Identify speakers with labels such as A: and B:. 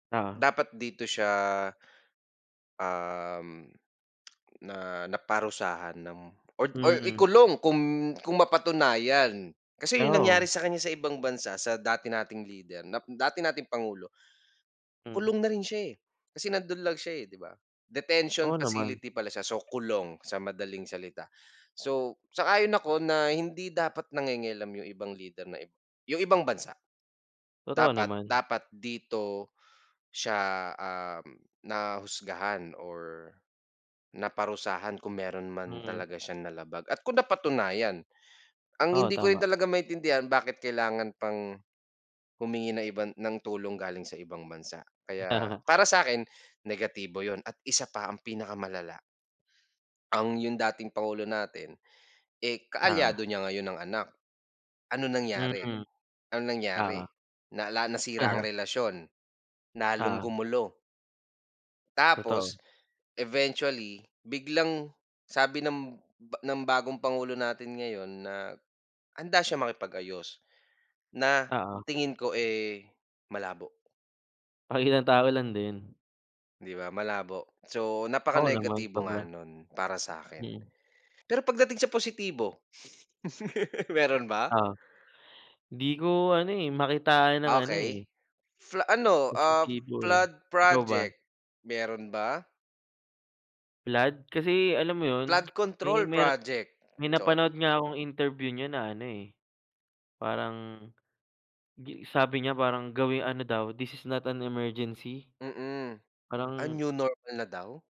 A: Oo.
B: Dapat dito siya, um, na naparusahan ng or or
A: Mm.
B: ikulong kung kung mapatunayan. Kasi yung nangyari
A: Oo.
B: sa kanya sa ibang bansa sa dati nating leader na dati nating pangulo,
A: Hmm.
B: kulong na rin siya, eh, kasi nando'n lang siya, eh, di ba? Detention
A: Oo, naman.
B: facility pala siya, so kulong sa madaling salita. So, sang-ayon ako na hindi dapat nangingialam yung ibang leader na ib yung ibang bansa.
A: Totoo
B: Dapat
A: naman.
B: dapat dito siya, um, nahusgahan or naparusahan kung meron man
A: Mm.
B: talaga siyang nalabag at kung napatunayan, ang
A: Oo,
B: hindi ko rin
A: tama.
B: talaga maintindihan bakit kailangan pang, humingi ng iban ng tulong galing sa ibang bansa kaya
A: Tama.
B: para sakin negatibo yun at isa pa ang pinakamalala. Ang yung dating pangulo natin, eh, kaalyado
A: Ta
B: niya ngayon ang anak, anong nangyari?
A: Mm,
B: Anong nangyari
A: oo.
B: nala nasira ang
A: Aha.
B: relasyon, lalong
A: Oo.
B: gumulo.
A: Totoo.
B: Tapos eventually biglang sabi ng ba ng bagong pangulo natin ngayon na handa siyang makipag-ayos na
A: Oo.
B: tingin ko, eh, malabo.
A: Pakitang tao lang din.
B: Di ba, malabo so napaka
A: Oo, naman
B: negatibo
A: sobra.
B: nga nun para sa'kin.
A: Mm.
B: Pero pagdating sa positibo, meron ba?
A: Oh, di ko ano eh, makitaan ng ano
B: Okey
A: eh.
B: flo ano, ah,
A: Positibo eh,
B: flood
A: ikaw ba?
B: project, meron ba?
A: Flood? Kasi alam mo 'yon
B: Flood
A: may
B: control
A: meron
B: project,
A: may napanood
B: sorry.
A: nga akong interview niya na ano, eh, gi parang sabi niya parang gawing ano daw this is not an emergency
B: Mm, ah,
A: parang
B: new normal na daw?